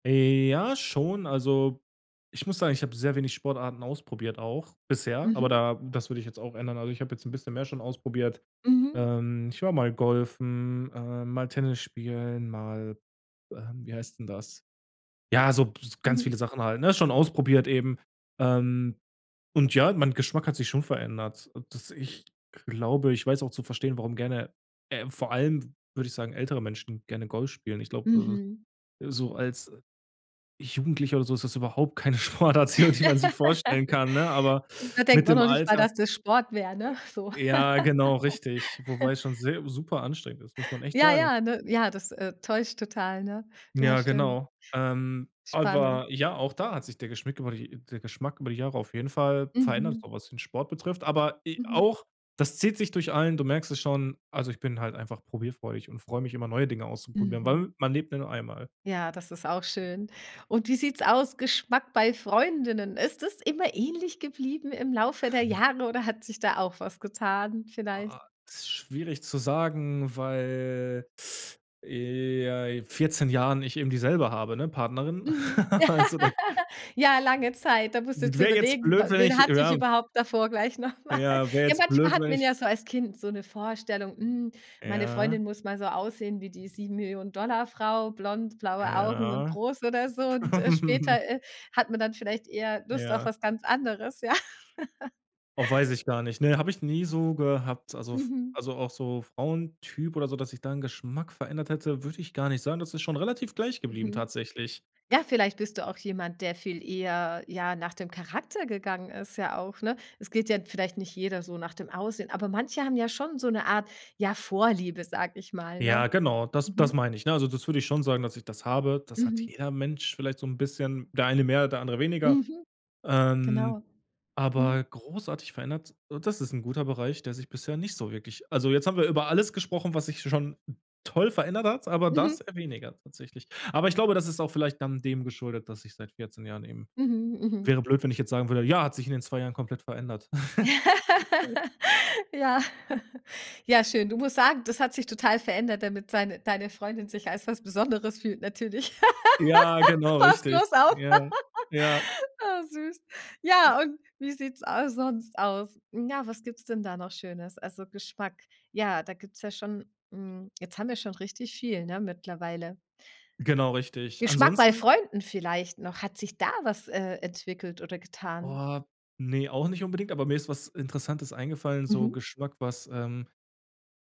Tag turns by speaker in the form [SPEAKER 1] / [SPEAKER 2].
[SPEAKER 1] Ja, schon. Also, ich muss sagen, ich habe sehr wenig Sportarten ausprobiert auch bisher, aber
[SPEAKER 2] Mhm.
[SPEAKER 1] da das würde ich jetzt auch ändern. Also, ich habe jetzt 'n bisschen mehr schon ausprobiert.
[SPEAKER 2] Mhm.
[SPEAKER 1] Ähm, ich war mal golfen, äh, mal Tennis spielen, mal ähm, wie heißt 'n das? Ja, so b ganz
[SPEAKER 2] Mhm.
[SPEAKER 1] viele Sachen halt, ne, schon ausprobiert eben. Ähm, und ja, mein Geschmack hat sich schon verändert, dass ich glaube ich weiß auch zu verstehen, warum gerne äh, vor allem, w würde ich sagen, ältere Menschen gerne Golf spielen. Ich glaube,
[SPEAKER 2] Mhm.
[SPEAKER 1] äh, so als Jugendlicher oder so ist das überhaupt keine Sportart, die man die man sich vorstellen kann, ne, aber
[SPEAKER 2] Da denkt
[SPEAKER 1] mit
[SPEAKER 2] man
[SPEAKER 1] dem
[SPEAKER 2] noch nicht mal,
[SPEAKER 1] Alter
[SPEAKER 2] dass das Sport wäre, ne, so.
[SPEAKER 1] Ja, genau richtig, wobei es schon sehr superanstrengend ist, muss man echt
[SPEAKER 2] Ja,
[SPEAKER 1] sagen.
[SPEAKER 2] ja, ne, ja, das, äh, täuscht total, ne? Ja,
[SPEAKER 1] Ja,
[SPEAKER 2] stimmt.
[SPEAKER 1] genau, ähm,
[SPEAKER 2] Spannend.
[SPEAKER 1] aber ja, auch da hat sich der Geschmeck über die der Geschmack über die Jahre auf jeden Fall verändert, so
[SPEAKER 2] Mhm.
[SPEAKER 1] was den Sport betrifft, aber e
[SPEAKER 2] Mhm.
[SPEAKER 1] auch das zieht sich durch allen du merkst es schon. Also, ich bin halt einfach probierfreudig und freue mich immer, neue Dinge auszuprobieren,
[SPEAKER 2] Mhm.
[SPEAKER 1] weil man lebt ja nur einmal.
[SPEAKER 2] Ja, das ist auch schön, und wie sieht's aus, Geschmack bei Freundinnen? Ist es immer ähnlich geblieben im Laufe der Jahre oder hat sich da auch was getan
[SPEAKER 1] Ah
[SPEAKER 2] vielleicht?
[SPEAKER 1] ah, ist schwierig zu sagen, weil, äh, ja, 14 Jahren ich eben dieselbe habe, ne, Partnerin.
[SPEAKER 2] Mhm,
[SPEAKER 1] Also da
[SPEAKER 2] ja, lange Zeit. Da musst du
[SPEAKER 1] J d
[SPEAKER 2] jetzt
[SPEAKER 1] wäre jetzt
[SPEAKER 2] überlegen:
[SPEAKER 1] blöd,
[SPEAKER 2] „We
[SPEAKER 1] wenn
[SPEAKER 2] wen
[SPEAKER 1] ich,
[SPEAKER 2] hatte ich
[SPEAKER 1] erab
[SPEAKER 2] überhaupt davor gleich noch mal?“
[SPEAKER 1] Ja, wär
[SPEAKER 2] Ja,
[SPEAKER 1] jetzt
[SPEAKER 2] manchmal
[SPEAKER 1] blöd,
[SPEAKER 2] hat
[SPEAKER 1] wenn
[SPEAKER 2] man
[SPEAKER 1] ich
[SPEAKER 2] ja so als Kind so 'ne Vorstellung, hm, meine
[SPEAKER 1] Ja.
[SPEAKER 2] Freundin muss mal so aussehen wie die 7.000.000 $ Frau, blond, blaue Augen und
[SPEAKER 1] Ja.
[SPEAKER 2] groß oder so und, äh, später, äh, hat man dann vielleicht eher Lust auf
[SPEAKER 1] Ja.
[SPEAKER 2] was ganz anderes, ja.
[SPEAKER 1] Oh, weiß ich gar nicht. Ne habe ich nie so gehabt. Also f
[SPEAKER 2] Mhm.
[SPEAKER 1] auch so Frauentyp oder so, dass sich da 'n Geschmack verändert hätte, würde ich gar nicht sagen. Das ist schon relativ gleich geblieben
[SPEAKER 2] Mhm,
[SPEAKER 1] tatsächlich.
[SPEAKER 2] ja, vielleicht bist du auch jemand, der viel eher, ja, nach dem Charakter gegangen ist ja auch, ne? Es geht ja vielleicht nicht jeder so nach dem Aussehen, aber manche haben ja schon so 'ne Art, ja, Vorliebe, sage ich mal, ne?
[SPEAKER 1] Ja, genau, das das
[SPEAKER 2] Mhm.
[SPEAKER 1] meine ich ne? Also, das würde ich schon sagen, dass ich das habe. Das hat
[SPEAKER 2] Mhm.
[SPEAKER 1] jeder Mensch vielleicht so 'n bisschen, der eine mehr, der andere weniger.
[SPEAKER 2] Mhm.
[SPEAKER 1] Ähm,
[SPEAKER 2] Genau.
[SPEAKER 1] aber
[SPEAKER 2] Hm.
[SPEAKER 1] großartig verändert so das ist 'n guter Bereich, der sich bisher nicht so wirklich also jetzt haben wir über alles gesprochen, was sich schon toll verändert hat, aber das
[SPEAKER 2] Mhm.
[SPEAKER 1] eher weniger tatsächlich. Aber ich glaube, das ist auch vielleicht dann dem geschuldet, dass ich seit 14 Jahren eben
[SPEAKER 2] Mhm, mhm.
[SPEAKER 1] wäre blöd, wenn ich jetzt sagen würde: „Ja, hat sich in den 2 Jahren komplett verändert.“
[SPEAKER 2] Ja. Ja schön. Du musst sagen, das hat sich total verändert, damit seine deine Freundin sich als was Besonderes fühlt natürlich.
[SPEAKER 1] Ja, genau
[SPEAKER 2] Passt
[SPEAKER 1] richtig,
[SPEAKER 2] bloß auf.
[SPEAKER 1] ja, ja.
[SPEAKER 2] Oh, süß. Ja, und wie sieht's a sonst aus? Ja, was gibt's denn da noch Schönes? Also Geschmack ja, da gibt's ja schon, hm jetzt haben wir schon richtig viel, ne, mittlerweile.
[SPEAKER 1] Genau, richtig.
[SPEAKER 2] Geschmack bei
[SPEAKER 1] Ansonsten
[SPEAKER 2] Freunden vielleicht noch. Hat sich da was, äh, entwickelt oder getan?
[SPEAKER 1] Oh, ne, auch nicht unbedingt, aber mir ist was Interessantes eingefallen, so
[SPEAKER 2] Mhm.
[SPEAKER 1] Geschmack, was, ähm